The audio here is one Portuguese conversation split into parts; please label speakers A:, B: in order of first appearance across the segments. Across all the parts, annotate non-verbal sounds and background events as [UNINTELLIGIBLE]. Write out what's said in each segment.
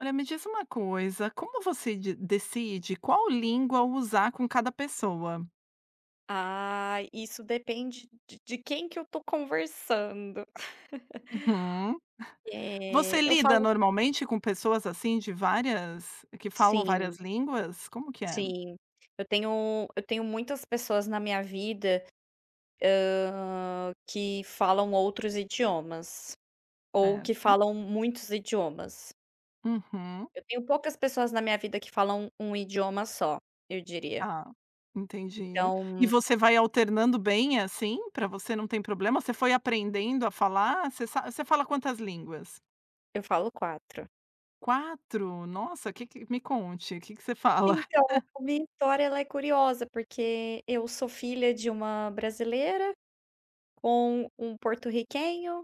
A: Olha, me diz uma coisa, como você di decide qual língua usar com cada pessoa?
B: Ah, isso depende de de quem que eu tô conversando.
A: Uhum. [CHUCKLES]
B: [LAUGHS]
A: Você
B: Eh, eu
A: lida
B: falo
A: normalmente, com pessoas, assim, de várias que falam
B: Sim.
A: várias línguas? Como que é?
B: Sim. Eu tenho eu tenho muitas pessoas na minha vida, hã, que falam outros idiomas, ou que
A: Certo.
B: falam muitos idiomas.
A: Uhum.
B: Eu tenho poucas pessoas na minha vida que falam um um idioma só, eu diria.
A: Tá. Entendi. E
B: Então
A: você vai alternando bem assim? Pra você não tem problema? Você foi aprendendo a falar? Você sa você fala quantas línguas?
B: Eu falo 4.
A: 4? Nossa que que, me conte. Que que você fala?
B: Então,
A: [CHUCKLES]
B: a minha história ela é curiosa, porque eu sou filha de uma brasileira, com um porto-riquenho,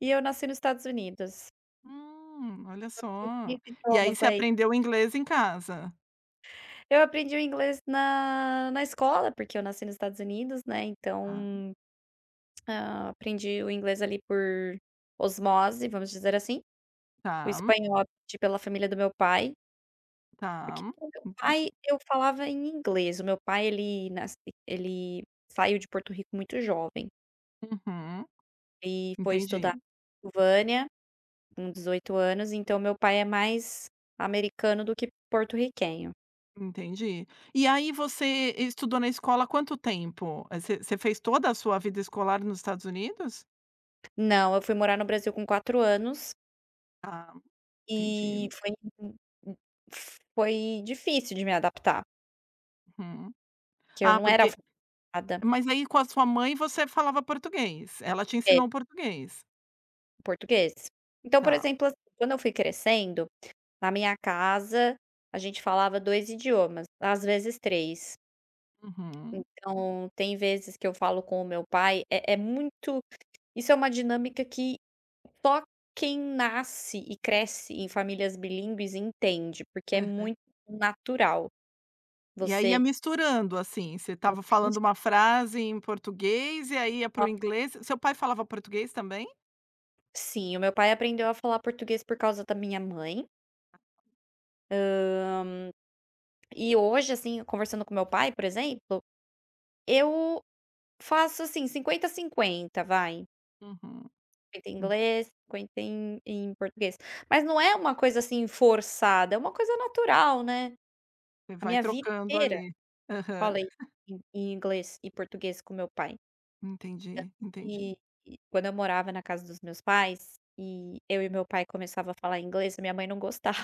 B: e eu nasci no Estados Unidos.
A: Hum. Olha
B: Então, eu sei
A: só.
B: 3
A: E aí,
B: idiomas,
A: você
B: daí.
A: aprendeu inglês em casa?
B: Eu aprendi o inglês na na escola, porque eu nasci no Estados Unidos, né,
A: Tá.
B: então, [CLICKS TONGUE] ah, aprendi o inglês ali por osmose, vamos dizer assim. O
A: Tá.
B: espanhol, di pela família do meu pai. Porque
A: Tá.
B: com o meu pai
A: Entendi.
B: eu falava em inglês. O meu pai, ele nas ele saiu de Porto Rico muito jovem.
A: Uhum.
B: E foi estudar
A: Entendi.
B: vânia com 18 anos, então o meu pai é mais americano do que porto-riquenho.
A: Entendi. E aí você estudou na escola quanto tempo? Você você fez toda a sua vida escolar nos Estados Unidos?
B: Não, eu fui morar no Brasil com 4 anos
A: Ah,
B: e
A: entendi.
B: foi m m foi difícil de me adaptar.
A: Uhum.
B: Que eu
A: Ah,
B: não era
A: porque
B: alfa ada
A: mas aí com a sua mãe você falava português? Ela te
B: É.
A: ensinou o português.
B: O português. Então, por
A: Tá.
B: exemplo, quando eu fui crescendo, na minha casa, a gente falava 2 idiomas, às vezes 3.
A: Uhum.
B: Então tem vezes que eu falo com o meu pai é é muito isso é uma dinâmica que só quem nasce e cresce em famílias bilíngues entende, porque é
A: Aham.
B: muito natural.
A: E aí ia
B: Você
A: misturando, assim, você estava falando
B: Totalmente.
A: uma frase em português e aí ia para
B: Ó
A: o inglês. Seu pai falava português também?
B: Sim, o meu pai aprendeu a falar português por causa da minha mãe. Hã, e hoje assim conversando com meu pai, por exemplo, eu faço assim 50, 50, vai.
A: Uhum.
B: 50 em
A: Hum.
B: inglês, 50 em em português, mas não é uma coisa assim forçada, uma coisa natural, né,
A: E
B: a
A: vai
B: minha vida
A: trocando
B: inteira,
A: ali, aham.
B: falei em em inglês e português com meu pai.
A: Entendi, entendi.
B: E e quando eu morava na casa dos meus pais, e eu e meu pai começava a falar inglês a minha mãe não gostava.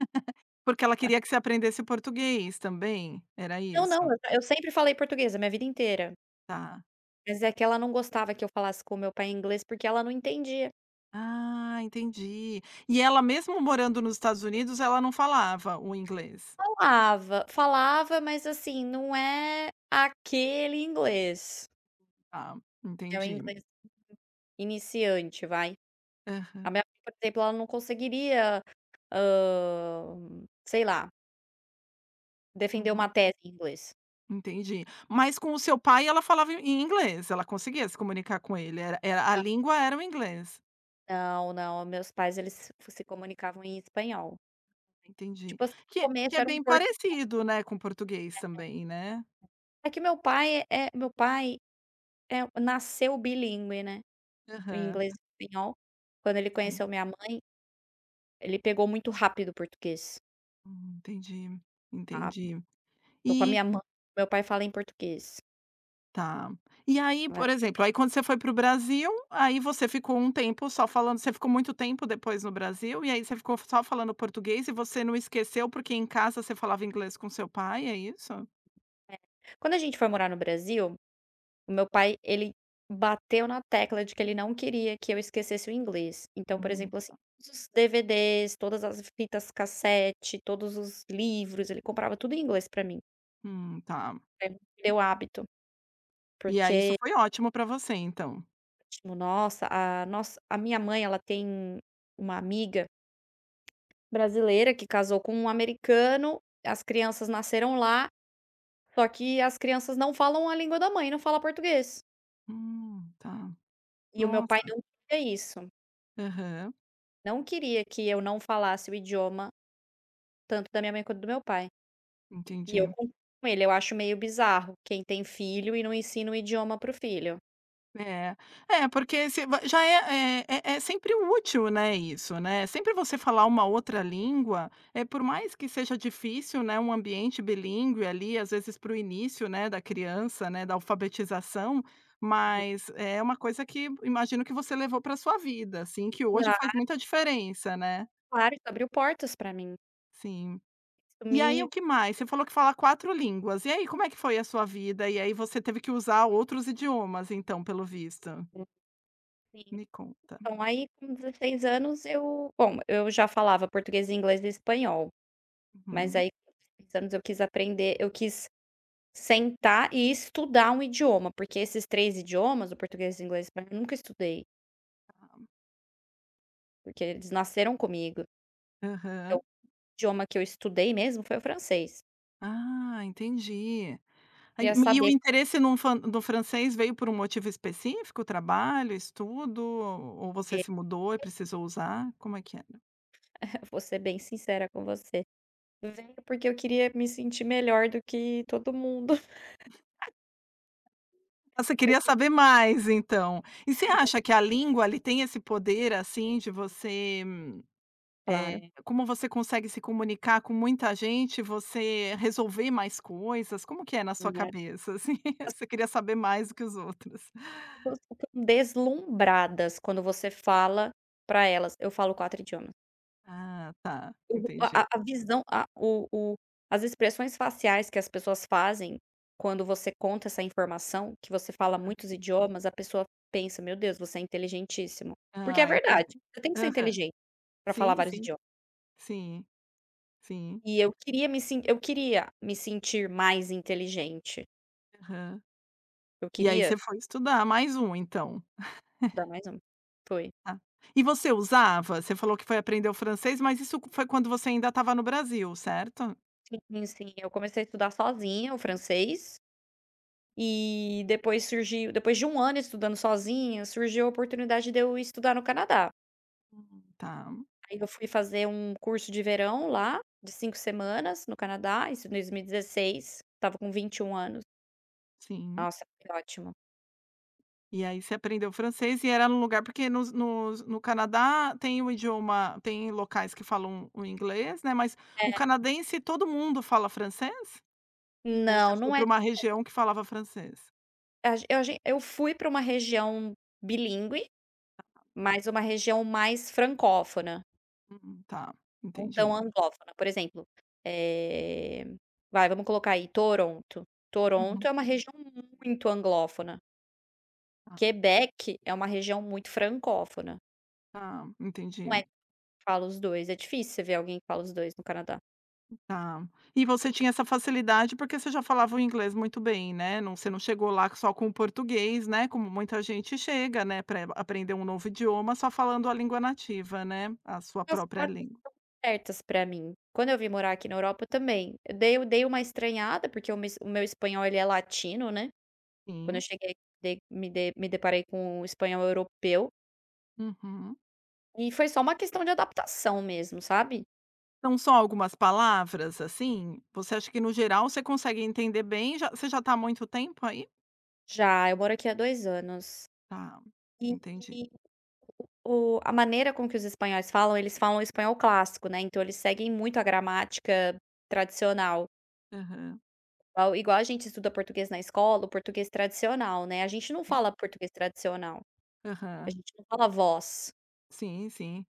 A: [GIGGLES] Porque ela queria que você aprendesse português também, era
B: Não não,
A: isso?
B: eu eu sempre falei português a minha vida inteira.
A: Tá.
B: Mas é que ela não gostava que eu falasse com o meu pai em inglês, porque ela não entendia.
A: Ah entendi, e ela mesmo morando nos Estados Unidos ela não falava o inglês?
B: Falava, falava, mas assim não é aquele inglês.
A: Tá,
B: É um
A: entendi.
B: inglês iniciante vai,
A: Aham.
B: a minha mãe por exemplo ela não conseguiria, hã, sei lá Defender
A: Uhum.
B: uma tese em inglês.
A: Entendi. Mas com o seu pai ela falava em inglês, ela conseguia se comunicar com ele, era era a
B: Não.
A: língua era o inglês?
B: Não, não, meus pais, eles se se comunicavam em espanhol.
A: Entendi.
B: Tipo assim,
A: Que é
B: no
A: que é
B: começo era um
A: bem
B: portunhol.
A: parecido, né, com português
B: É,
A: também, né.
B: é. É que meu pai, eh, meu pai, eh, nasceu bilíngue, né, o
A: Aham.
B: inglês e o espanhol. Quando ele
A: Sim.
B: conheceu minha mãe, ele pegou muito rápido o português.
A: Hum, entendi,
B: Ah.
A: entendi.
B: Estou com a
A: E
B: minha mã meu pai fala em português.
A: Tá. E aí,
B: É.
A: por exemplo, aí quando você foi para o Brasil, aí você ficou um tempo só falando você ficou muito tempo depois no Brasil e aí você ficou só falando português e você não esqueceu, porque em casa você falava inglês com o seu pai, é isso?
B: É. Quando a gente foi morar no Brasil, o meu pai, ele bateu na tecla de que ele não queria que eu esquecesse o inglês, então, por
A: Hum,
B: exemplo, assim,
A: tá.
B: os DVD's, todas as fitas cassete, todos os livros, ele comprava tudo em inglês para mim.
A: Hum, tá.
B: Perdeu o hábito.
A: E aí isso
B: Porque
A: foi ótimo pra você, então?
B: Nossa, a nossa a minha mãe ela tem uma amiga brasileira que casou com um americano, as crianças nasceram lá, só que as crianças não falam a língua da mãe, não fala português.
A: Hum, tá.
B: E o meu pai
A: Nossa.
B: não tem isso.
A: Aham.
B: Não queria que eu não falasse o idioma, tanto da minha mãe quanto do meu pai. E eu
A: Entendi.
B: com ele, eu acho meio bizarro quem tem filho e não ensina o idioma para o filho.
A: É, é porque se v já é é é sempre útil, né, isso, né, sempre você falar uma outra língua, eh, por mais que seja difícil, né, um ambiente bilíngue ali, às vezes para o início, né, da criança, né, da alfabetização,
B: Hum.
A: mas é uma coisa que imagino que você levou para sua vida assim, que hoje faz
B: Claro.
A: muita diferença, né.
B: Claro, isso abriu portas pra mim.
A: Sim. E aí o
B: [UNINTELLIGIBLE]
A: que mais? Você falou que fala 4 línguas e aí, como é que foi a sua vida? E aí você teve que usar outros idiomas, então, pelo visto.
B: Hum. Sim.
A: Me conta.
B: Então, aí com 16 anos eu bom, eu já falava português, inglês e espanhol. Mas
A: Hum.
B: aí com 16 anos eu quis aprender eu quis sentar e estudar um idioma porque esses 3 idiomas o português, inglês e espanhol, nunca estudei.
A: Aham.
B: Porque eles nasceram comigo.
A: Aham.
B: Então idioma que eu estudei mesmo foi o francês.
A: Ah, entendi. Aí
B: Queria
A: e o
B: saber.
A: interesse num fan do francês veio por um motivo específico, trabalho, estudo, ou você
B: Que
A: se mudou e precisou usar? Como é que era?
B: [CHUCKLES] Vou ser bem sincera com você, porque eu queria me sentir melhor do que todo mundo. [CHUCKLES]
A: Você queria
B: Porque
A: saber mais então. E você
B: [UNINTELLIGIBLE]
A: acha que a língua ali tem esse poder, assim, de você,
B: Claro.
A: eh, como você consegue se comunicar com muita gente, você resolver mais coisas? Como que é na sua
B: Minha
A: cabeça, assim, você queria saber mais do que os outros?
B: As pessoas ficam deslumbradas quando você fala pra elas: "Eu falo 4 idiomas".
A: Ah, tá,
B: O a
A: entendi.
B: a a visão a o o as expressões faciais que as pessoas fazem, quando você conta essa informação que você fala muitos idiomas, a pessoa pensa: "Meu Deus, você é inteligentíssimo", porque é
A: Ah, entendi.
B: verdade, você tem que ser
A: Aham.
B: inteligente pra falar
A: Sim,
B: vários
A: sim.
B: idio
A: Sim. Sim.
B: E eu queria me sin eu queria me sentir mais inteligente.
A: Aham.
B: Eu
A: E aí
B: queria
A: você foi estudar mais 1 então.
B: Dá
A: [CHUCKLES]
B: mais um, foi.
A: Tá. E você usava? Você falou que foi aprender o francês, mas isso foi quando você ainda estava no Brasil, certo?
B: Sim, sim, sim, eu comecei a estudar sozinha o francês. E depois surgiu depois de 1 ano estudando sozinha, surgiu a oportunidade de eu ir estudar no Canadá.
A: Uhum, tá.
B: Aí eu fui fazer um curso de verão lá, de 5 semanas no Canadá, isso em 2016, estava com 21 anos.
A: Sim.
B: Nossa, foi ótimo.
A: E aí você aprendeu francês e era no lugar porque nos nos no Canadá tem o idioma, tem locais que falam o inglês, né, mas, o
B: É.
A: canadense todo mundo fala francês? Ou você
B: Não,
A: foi
B: não é
A: para uma
B: [UNINTELLIGIBLE]
A: região que falava francês?
B: A g a gen eu fui para uma região bilíngue, mas uma região mais francófona.
A: Hum, tá,
B: Não tão
A: entendi.
B: anglófona, por exemplo, eh, vai vamos colocar aí Toronto, Toronto
A: Uhum.
B: é uma região muito anglófona.
A: Tá.
B: Quebec é uma região muito francófona.
A: Tá,
B: Não é
A: entendi.
B: que fala os 2, difícil você ver alguém que fala os 2 no Canadá.
A: Ah, e você tinha essa facilidade porque você já falava o inglês muito bem, né. Não você não chegou lá só com o português, né, como muita gente chega, né, pra aprender um novo idioma, só falando a língua nativa, né, a sua
B: As
A: própria
B: portas estão
A: língua.
B: abertas pra mim. Quando eu vim morar aqui na Europa, também, eu dei dei uma estranhada, porque o meu es o meu espanhol ele é latino, né. Quando eu
A: Sim.
B: cheguei, dei me de me deparei com o espanhol europeu.
A: Uhum.
B: E foi só uma questão de adaptação mesmo, sabe.
A: São só algumas palavras, assim? Você acha que, no geral, você consegue entender bem e já você já está há muito tempo aí?
B: Já, eu moro aqui há 2 anos.
A: Tá,
B: E
A: entendi.
B: o a maneira com que os espanhóis falam, eles falam espanhol clássico, né, então eles seguem muito a gramática tradicional.
A: Aham.
B: Igual igual a gente estuda português na escola, o português tradicional, né, a gente não fala português tradicional. A
A: Aham.
B: gente não fala "vos".
A: Sim, sim.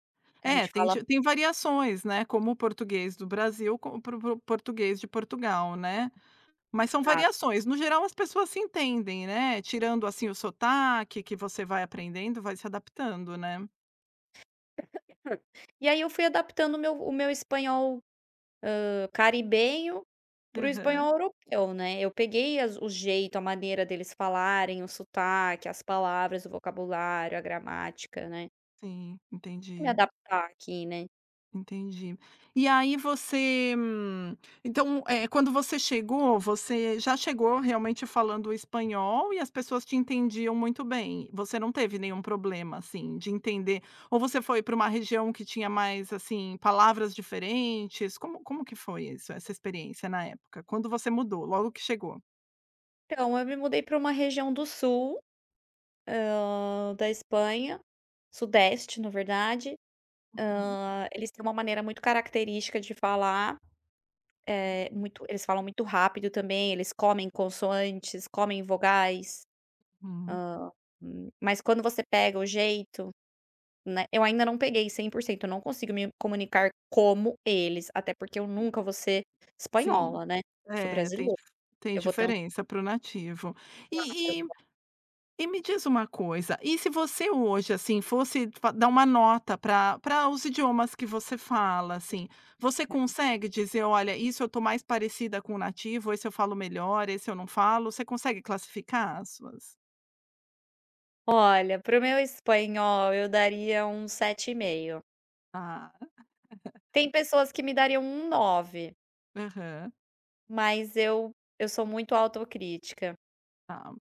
B: A
A: É,
B: gente
A: tem
B: fala
A: te tem variações, né, como o português do Brasil, como para o português de Portugal, né. Mas são
B: A
A: variações, no geral as pessoas se entendem, né, tirando, assim, o sotaque que você vai aprendendo, vai se adaptando né.
B: [COUGHS] E aí eu fui adaptando o meu o meu espanhol, hã, caribenho, para o
A: Aham.
B: espanhol europeu, né, eu peguei as o jeito, a maneira deles falarem, o sotaque, as palavras, o vocabulário, a gramática, né.
A: Sim,
B: Me
A: entendi.
B: adaptar aqui né.
A: Entendi. E aí você então, eh, quando você chegou, você já chegou realmente falando espanhol e as pessoas te entendiam muito bem, você não teve nenhum problema, assim, de entender? Ou você foi para uma região que tinha mais, assim, palavras diferentes, como como que foi isso, essa experiência na época? Quando você mudou, logo que chegou?
B: Então eu me mudei para uma região do sul, hã, da Espanha, sudeste na verdade,
A: Uhum.
B: hã, eles têm uma maneira muito característica de falar,
A: Tá.
B: eh, muito eles falam muito rápido também, eles comem consoantes, comem vogais.
A: Hum.
B: Hã, hum, mas quando você pega o jeito, né, eu ainda não peguei 100% eu não consigo me comunicar como eles até porque eu
A: Sim.
B: nunca vou ser
A: Sim,
B: espanhola, né, sou
A: eh, tem
B: brasileira.
A: tem
B: Eu vou ter um
A: diferença para o nativo.
B: Claro,
A: E e
B: claro.
A: e me diz uma coisa, e se você hoje, assim, fosse fa dar uma nota para para os idiomas que você fala, assim, você consegue dizer: "Olha, isso eu estou mais parecida com o nativo, esse eu falo melhor, esse eu não falo". Você consegue classificar as suas
B: Olha pra o meu espanhol eu daria um 7,5.
A: Ah. [CHUCKLES]
B: Tem pessoas que me dariam um 9.
A: Aham.
B: Mas eu eu sou muito autocrítica.
A: Tá.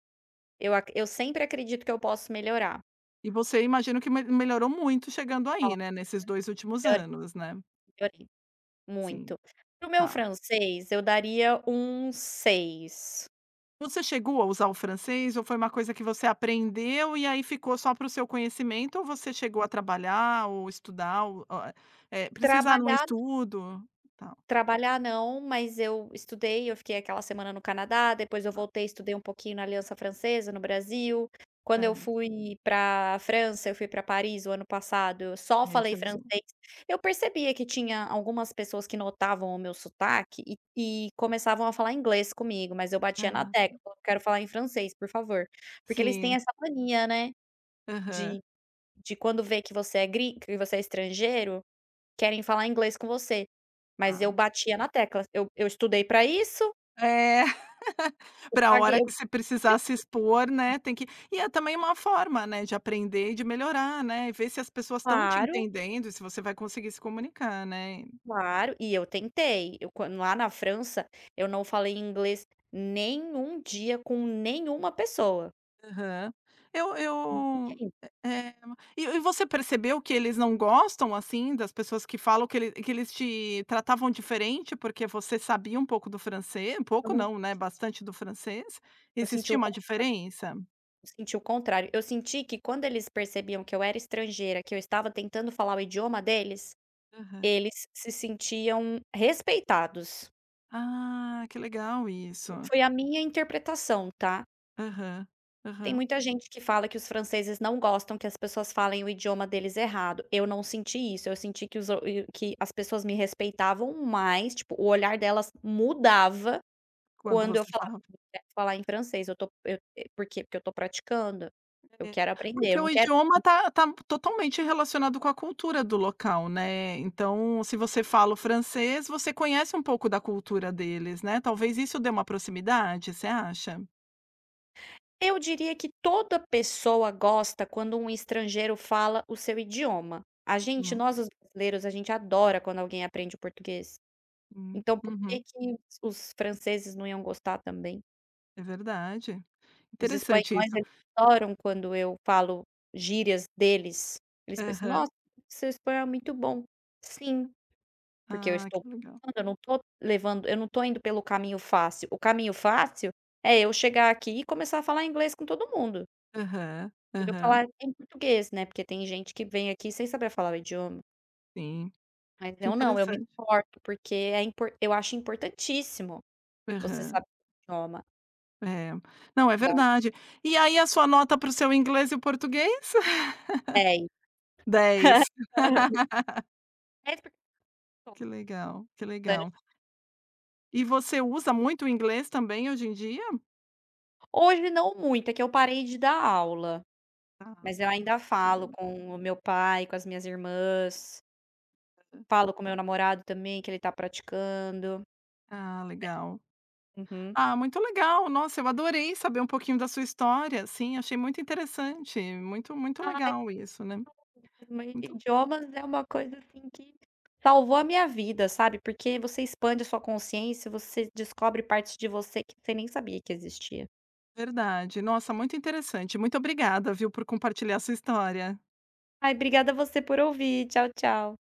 B: Eu acr eu sempre acredito que eu posso melhorar.
A: E você imagino que me melhorou muito chegando aí, né, nesses 2 últimos anos, né?
B: [UNINTELLIGIBLE]
A: Sim,
B: Muito, para o meu
A: tá.
B: francês eu daria um 6.
A: Você chegou a usar o francês ou foi uma coisa que você aprendeu e aí ficou só pra o seu conhecimento ou você chegou a trabalhar ou estudar ou eh, eh, precisar num
B: Trabalhar
A: estudo, tal?
B: trabalhar não, mas eu estudei, eu fiquei aquela semana no Canadá, depois eu
A: Tá.
B: voltei, estudei um pouquinho na Aliança Francesa, no Brasil, quando eu
A: Certo.
B: fui pra França, fui pra Paris o ano passado, só
A: Aí você
B: falei
A: usou?
B: francês, eu percebia que tinha algumas pessoas que notavam o meu sotaque e e começavam a falar inglês comigo, mas eu batia na
A: Ah.
B: tecla, "Quero falar em francês, por favor", porque eles têm
A: Sim.
B: essa mania, né,
A: Aham.
B: de de quando vê que você é grin que você é estrangeiro, querem falar inglês com você, mas eu
A: Tá.
B: batia na tecla, eu eu estudei para isso.
A: É, [CHUCKLES]
B: Eu
A: pra
B: paguei
A: hora que você precisar
B: muito
A: se expor,
B: [UNINTELLIGIBLE]
A: né, tem que e é também uma forma, né, de aprender e de melhorar, né, e ver se as pessoas estão te
B: Claro.
A: entendendo e se você vai conseguir se comunicar, né.
B: Claro e eu tentei, eu quan lá na França eu não falei inglês nenhum dia com nenhuma pessoa.
A: Aham. Eu eu,
B: [UNINTELLIGIBLE]
A: eh, e e você percebeu que eles não gostam, assim, das pessoas que falam, que ele que eles te tratavam diferente porque você sabia um pouco do francês, pouco
B: Nossa.
A: não, né, bastante do francês,
B: Eu senti
A: existia
B: o
A: uma
B: contrário.
A: diferença?
B: Eu senti o contrário, eu senti que quando eles percebiam que eu era estrangeira, que eu estava tentando falar o idioma deles,
A: Aham.
B: eles se sentiam respeitados.
A: Ah, que legal isso.
B: Foi a minha interpretação tá.
A: Aham,
B: Tem
A: aham.
B: muita gente que fala que os franceses não gostam, que as pessoas falem o idioma deles errado, eu não senti isso, eu senti que os que as pessoas me respeitavam mais tipo o olhar delas mudava,
A: Quando
B: quando eu
A: você
B: falava
A: falava.
B: falar em francês eu tô eu por quê. Porque eu estou praticando, eu
A: É,
B: quero aprender
A: porque
B: eu
A: o
B: não quero
A: idioma tá tá
B: [UNINTELLIGIBLE]
A: totalmente relacionado com a cultura do local né então se você fala o francês você conhece um pouco da cultura deles não é talvez isso dê uma proximidade, você acha?
B: Eu diria que toda pessoa gosta quando um estrangeiro fala o seu idioma. A gente,
A: Uhum.
B: nós os brasileiros a gente adora quando alguém aprende o português.
A: Hum,
B: Então por que
A: uhum.
B: que os franceses não iam gostar também?
A: É verdade,
B: Os
A: interessante
B: espanhóis
A: isso.
B: eles adoram quando eu falo gírias deles, eles pensam:
A: Aham.
B: "Nossa, seu espanhol é muito bom", sim, porque eu
A: Ah
B: estou
A: que legal.
B: estudando, eu não estou levando eu não estou indo pelo caminho fácil, o caminho fácil é eu chegar aqui e começar a falar inglês com todo mundo.
A: Aham,
B: Eu
A: aham.
B: falar em português, né, porque tem gente que vem aqui sem saber falar o idioma.
A: Sim.
B: Mas
A: Que
B: eu não, eu me
A: interessante.
B: importo, porque é impor eu acho importantíssimo você
A: Aham.
B: sab idioma.
A: É. Não, é
B: Dó.
A: verdade. E aí a sua nota para o seu inglês e o português.
B: 10.
A: [LAUGHS] 10.
B: [LAUGHS] 10
A: [LAUGHS] Que
B: porque
A: legal, que
B: [UNINTELLIGIBLE]
A: legal. E você usa muito o inglês também hoje em dia?
B: Hoje não muito, é que eu parei de dar aula.
A: Tá.
B: Mas eu ainda
A: Você deu
B: falo
A: mu
B: com o meu pai, com as minhas irmãs
A: Aham.
B: falo com meu namorado também, que ele está praticando.
A: Ah, legal.
B: É. Uhum.
A: Ah, muito legal. Nossa, eu adorei saber um pouquinho da sua história, assim, achei muito interessante, muito, muito
B: Ai
A: legal isso, né.
B: [UNINTELLIGIBLE]
A: Muito
B: idiomas é uma coisa, assim, que salvou a minha vida, sabe, porque você expande sua consciência, você descobre partes de você que você nem sabia que existia.
A: Verdade. Nossa, muito interessante, muito obrigada, viu, por compartilhar sua história.
B: Ai, obrigada você por ouvir, tchau, tchau.